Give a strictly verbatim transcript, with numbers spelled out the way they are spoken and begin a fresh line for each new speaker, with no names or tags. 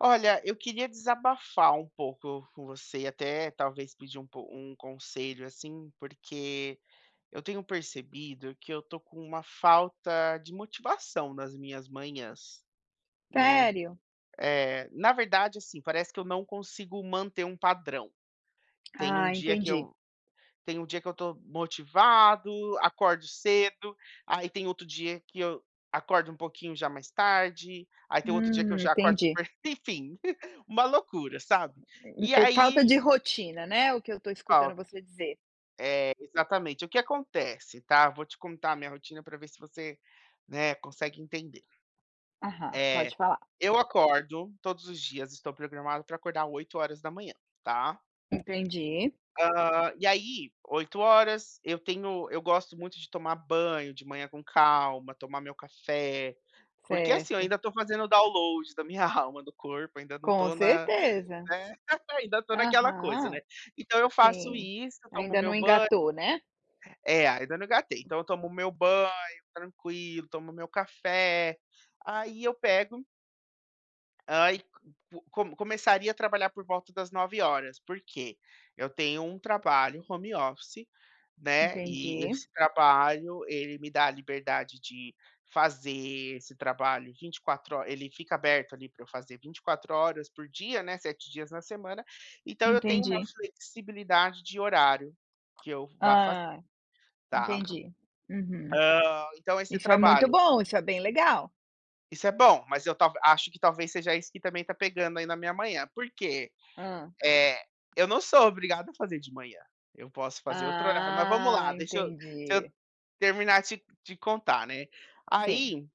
Olha, eu queria desabafar um pouco com você e até talvez pedir um um conselho, assim, porque eu tenho percebido que eu estou com uma falta de motivação nas minhas manhãs, né,
Sério?
eh, na verdade, assim, parece que eu não consigo manter um padrão. Tem um
Ah,
dia que
entendi.
eu tem um dia que eu estou motivado, acordo cedo, aí tem outro dia que eu acordo um pouquinho já mais tarde, aí tem outro dia que eu
Hum,
já acordo
entendi.
super enfim, uma loucura, sabe. E
É é é falta
aí
de rotina, né, o que eu estou escutando
Falta.
você dizer.
É, exatamente. O que acontece, tá, eu vou te contar a minha rotina para ver se você, né consegue entender.
Aham, pode
Eh,
falar.
eu acordo todos os dias estou programado para acordar oito horas da manhã, tá.
Entendi.
Ah, e aí, oito horas eu tenho eu gosto muito de tomar banho de manhã com calma, tomar meu café, porque, assim, eu
Certo.
ainda estou fazendo dowload da minha alma, do corpo, ainda não
Com
estou na
certeza.
né, ainda estou naquela coisa, né,
Aham.
então eu faço
Sim,
isso, tomo
ainda
meu
não
banho
engatou, né.
é ainda não engatei, então eu tomo o meu banho tranquilo, tomo meu café, aí eu pego ah, e co começaria a trabalhar por volta das nove horas, por quê? Eu tenho um trabalho home office, né, e
Entendi.
esse trabalho ele me dá a liberdade de fazer esse trabalho vinte e quatro ho ele fica aberto ali para eu fazer vinte e quatro horas por dia, né, sete dias na semana, então eu tenho uma
Entendi.
flexibilidade de horário que eu vá fa
Ah,
tá.
entendi. Uhum.
Ah, então esse
Isso é muito
trabalho
bom, isso é bem legal.
Isso é bom, mas eu tal acho que talvez seja esse que também está pegando aí na minha manhã, por quê?
Hã.
Eh, eu não sou obrigado a fazer de manhã, eu posso fazer outro horário. Mas vamos
Ah,
lá, deixa eu se eu
entendi.
terminar de de contar, né.
Sim.
Aí